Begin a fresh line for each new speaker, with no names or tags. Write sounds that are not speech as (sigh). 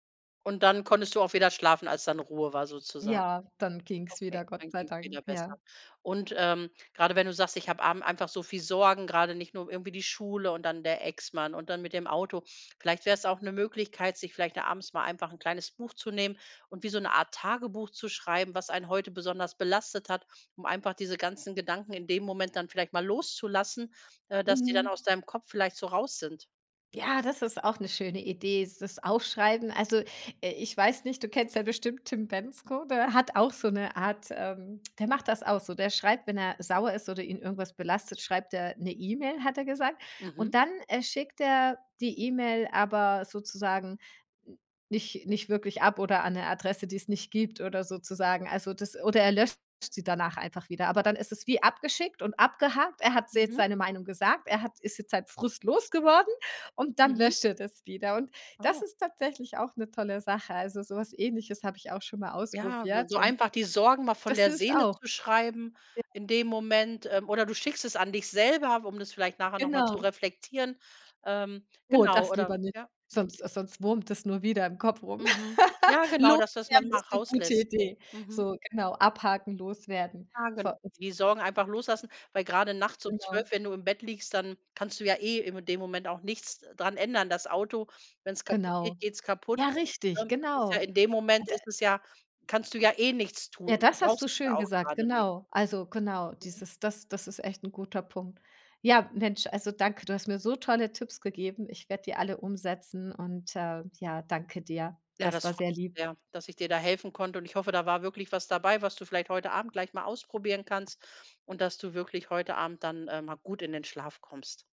Und dann konntest du auch wieder schlafen, als dann Ruhe war sozusagen?
Ja, dann ging es
Okay,
wieder, Gott
dann
sei
ging es
Dank,
wieder besser.
ja.
Und, ähm, gerade wenn du sagst, ich habe abend einfach so viel Sorgen, gerade nicht nur irgendwie die Schule und dann der Ex-Mann und dann mit dem Auto. Vielleicht wäre es auch 'ne Möglichkeit, sich vielleicht da abends mal einfach 'n kleines Buch zu nehmen und wie so 'ne Art Tagebuch zu schreiben, was einen heute besonders belastet hat, um einfach diese ganzen Gedanken in dem Moment dann vielleicht mal loszulassen, äh, dass die dann
Mhm.
aus deinem Kopf vielleicht so raus sind.
Ja, das ist auch 'ne schöne Idee s das Aufschreiben. Also, äh, ich weiß nicht, du kennst ja bestimmt Tim Bendzko, der hat auch so 'ne Art, ähm, der macht das auch so. Der schreibt „wenn er sauer ist oder ihn irgendwas belastet, schreibt er 'ne E-Mail“, hat er gesagt.
Mhm.
Und dann, äh, schickt er die E-Mail aber sozusagen n nicht nicht wirklich ab oder an 'ne Adresse, die es nicht gibt oder sozusagen. Also, das oder er löscht sie danach einfach wieder. Aber dann ist es wie abgeschickt und abgehakt. Er hat se jetzt
Mhm.
seine Meinung gesagt. Er hat ist jetzt seinen Frust los geworden und dann
Mhm.
löscht er das wieder. Und das
Oh.
ist tatsächlich auch 'ne tolle Sache. Also, so was Ähnliches habe ich auch schon mal
Ja, s
ausprobiert
so
und
einfach die Sorgen mal von
das
der
hilft
Seele
auch.
zu schreiben
(unintelligible)
in dem Moment. Ähm. Oder du schickst es an dich selber, um das vielleicht nachher noch mal zu
Genau.
reflektieren. Ähm,
Oh,
genau,
das lieber
oder
nicht,
ja.
sonst sonst wurmt es nur wieder im Kopf rum.
Mhm. Ja
(laughs)
genau, dass du das
Loswerden
manchmal
ist 'ne gute
rauslässt.
Idee.
Mhm.
So, genau, abhaken, loswerden.
Ja gen
Voll (unintelligible)
die Sorgen einfach loslassen, weil gerade nachts um
Genau.
12:00, wenn du im Bett liegst, dann kannst du ja eh in dem Moment auch nichts dran ändern. Das Auto, wenn es kaputt
Genau.
geht, geht es kaputt.
Ja
(unintelligible)
richtig,
Das ist ja
genau.
in dem Moment
Da
ist es ja kannst du ja eh nichts tun.
Ja
Du
das hast du
brauchst es ja
schön
auch
gesagt,
gerade nicht.
genau. Also, genau,
Mhm.
dieses das das ist echt 'n guter Punkt. Ja, Mensch, also, danke. Du hast mir so tolle Tipps gegeben. Ich werde die alle umsetzen und, äh, ja, danke dir.
Ja,
Das
das
war
freu
sehr lieb.
ja, dass ich dir da helfen konnte und ich hoffe, da war wirklich was dabei, was du vielleicht heute Abend gleich mal ausprobieren kannst und dass du wirklich heute Abend dann, äh, mal gut in den Schlaf kommst.